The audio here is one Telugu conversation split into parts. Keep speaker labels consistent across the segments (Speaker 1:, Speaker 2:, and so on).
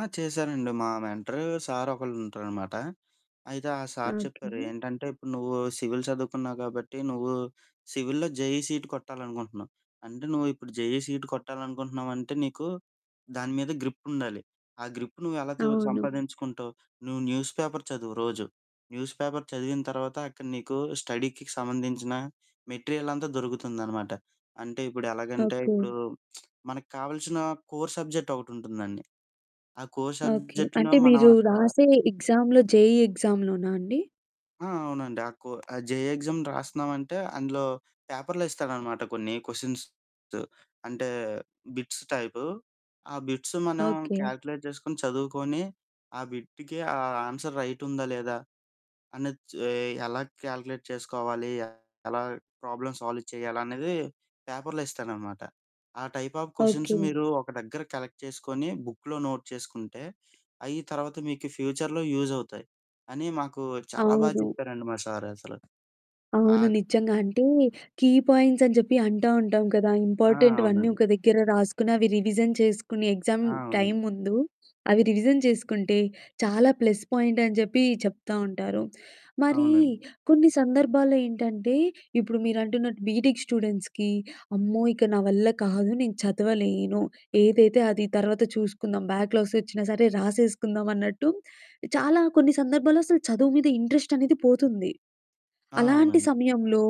Speaker 1: ఆ! చేశారండి మా మెంటరు సారొకళ్ళు ఉంటారనమాట. అయితే ఆ సార్
Speaker 2: ఓకె.
Speaker 1: చెప్పారు ఏంటంటే "ఇప్పుడు నువ్వు సివిల్ చదువుకున్నావు కాబట్టి, నువ్వు సివిల్‌లో జేఈ సీట్ కొట్టాలనుకుంటున్నావు. అంటే నువ్వు ఇప్పుడు జేఈ సీట్ కొట్టాలనుకుంటున్నావు అంటే నీకు దాని మీద గ్రిప్పుండాలి. ఆ గ్రిప్ నువ్వు ఎలా తే
Speaker 2: అవును.
Speaker 1: సంపాదించుకుంటావు, నువ్వు న్యూస్ పేపర్ చదువు రోజు." న్యూస్ పేపర్ చదివిన తర్వాత అక్కడ నీకు స్టడీకి సంబంధించిన మెటీరియలంతా దొరుకుతుందనమాట. అంటే ఇప్పుడు ఎలాగంటే
Speaker 2: ఓకె.
Speaker 1: ఇప్పుడు, మనకి కావాల్సిన కోర్ సబ్జెక్ట్ ఒకటుంటుందండి. ఆ కోర్
Speaker 2: ఓకె.
Speaker 1: సబ్జెక్ట్‌లో
Speaker 2: అంటే
Speaker 1: మనం
Speaker 2: మీరు
Speaker 1: అక్కడ
Speaker 2: రాసే ఎగ్జామ్‌లో జేఈ ఎగ్జామ్‌లోనా అండి?
Speaker 1: ఆ! అవునండి. ఆ కో ఆ జేఈ ఎగ్జామ్ రాస్తున్నామంటే అందులో పేపర్‌లో ఇస్తాడనమాట కొన్ని క్వెషన్స్. అంటే బిట్స్ టైపు, ఆ బిట్స్ మనం
Speaker 2: ఓకె.
Speaker 1: కాలిక్యులేట్ చేసుకొని, చదువుకొని ఆ బిట్టుకి ఆ ఆన్సర్ రైటుందా, లేదా అని చ్ ఎలా కాలిక్యులేట్ చేసుకోవాలి, ఎలాగ ప్రాబ్లమ్ సాల్వ్ చేయాలన్నిది పేపర్‌లో ఇస్తాడనమాట. "ఆ టైప్ ఆఫ్ క్వెషన్స్
Speaker 2: ఓకె.
Speaker 1: మీరు ఒక దగ్గర కలెక్ట్ చేసుకొని, బుక్‌లో నోట్ చేసుకుంటే అయ్యి తర్వాత మీకు ఫ్యూచర్‌లో యూజ్ అవుతాయి." అని మాకు చాలా బాగా
Speaker 2: అవును.
Speaker 1: చెప్పారండి మా సారు అసలు.
Speaker 2: అవును
Speaker 1: ఆద్
Speaker 2: నిజంగా అంటే, కీ పాయింట్స్ అని చెప్పి అంటా ఉంటాం కదా.
Speaker 1: ఆ!
Speaker 2: ఇంపార్టెంట్‌వన్నీ
Speaker 1: అవునండీ.
Speaker 2: ఒక దగ్గర రాసుకొని, అవి రివిజన్ చేసుకుని, ఎగ్జామ్
Speaker 1: ఆ! అవును.
Speaker 2: టైమ్ ముందు అవి రివిజన్ చేసుకుంటే చాలా ప్లస్ పాయింట్ అని చెప్పి చెప్తా ఉంటారు. మరీ
Speaker 1: అవునండి.
Speaker 2: కొన్ని సందర్భాల్లో ఏంటంటే ఇప్పుడు మీరంటున్నట్టు బీటెక్ స్టూడెంట్స్‌కి అమ్మో ఇక నా వల్ల కాదు, నేను చదవలేను ఏదైతే అది తర్వాత చూసుకుందాం, బ్యాక్‌లాగ్స్ వచ్చినా సరే రాసేసుకుందామన్నట్టు చాలా కొన్ని సందర్భాల్లో అసలు చదువు మీద ఇంట్రెస్ట్ అనేది పోతుంది.
Speaker 1: ఆ!
Speaker 2: అలాంటి
Speaker 1: అవునండి.
Speaker 2: సమయంలో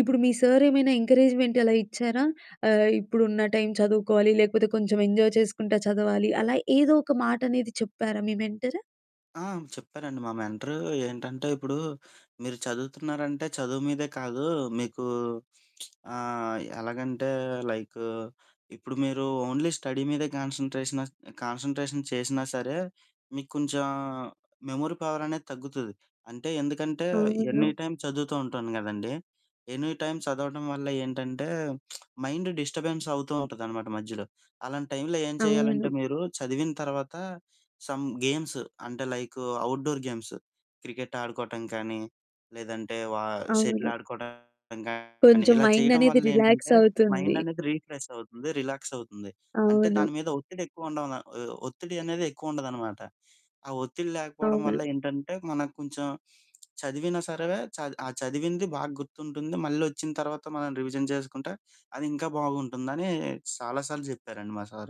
Speaker 2: ఇప్పుడు మీ సారేమైనా ఎంకరేజ్‌మెంట్ అలా ఇచ్చారా? ఆహ్, ఇప్పుడున్న టైం చదువుకోవాలి లేకపోతే కొంచెం ఎంజాయ్ చేసుకుంటా చదవాలి అలా ఏదో ఒక మాటనేది చెప్పారా మీ మెంటరు?
Speaker 1: ఆ! హ్మ్. చెప్పారండి మా మెంటరు ఏంటంటే, "ఇప్పుడు మీరు చదువుతున్నారంటే చదువు మీదే కాదు, మీకు ఆహ్, ఎలాగంటే లైకు ఇప్పుడు మీరు ఓన్లీ స్టడీ మీదే కాన్స‌న్‌ట్రేషనస్ కాన్స‌న్‌ట్రేషన్ చేసినా సరే మీకు కొంచెం మెమరీ పవర్ అనేది తగ్గుతది. అంటే ఎందుకంటే
Speaker 2: అవును.
Speaker 1: ఎనీటైమ్ చదువుతూ ఉంటాను కదండీ, ఎనీటైమ్ చదవడం వల్ల ఏంటంటే, మైండ్ డిస్టర్బెన్స్ అవుతూ ఉంటాదనమాట మధ్యలో. అలాంటి టైంలో ఏం చేయాలంటే
Speaker 2: అవును.
Speaker 1: మీరు చదివిన తర్వాత సమ్ గేమ్స్ అంటే లైకు అవుట్‌డోర్ గేమ్స్ క్రికెట్ ఆడుకోవటం కానీ, లేదంటే వా షటిల్
Speaker 2: అవును.
Speaker 1: ఆడుకోవటం గానీ
Speaker 2: కొంచెం
Speaker 1: ఇలా
Speaker 2: మైండ్
Speaker 1: చేయడం
Speaker 2: అనేది
Speaker 1: వల్ల
Speaker 2: రిలాక్స్
Speaker 1: ఏంటంటే మైండ్
Speaker 2: అవుతుంది.
Speaker 1: అనేది రిఫ్రెష్ అవుతుంది, రిలాక్స్ అవుతుంది. అంటే
Speaker 2: అవును.
Speaker 1: దాని మీద ఒత్తిడి ఎక్కువ ఉండం న ఒహ్, ఒత్తిడి అనేది ఎక్కువ ఉండదనమాట. ఆ ఒత్తిడి లేకపోవడం వల్ల
Speaker 2: అవును.
Speaker 1: ఏంటంటే మనకు కొంచెం చదివినా సరే చద్ ఆ చదివింది బాగా గుర్తుంటుంది, మళ్ళొచ్చిన తర్వాత మనం రివిజన్ చేసుకుంటే, అది ఇంకా బాగుంటుందని," చాలా సార్లు చెప్పారండి మా సారు.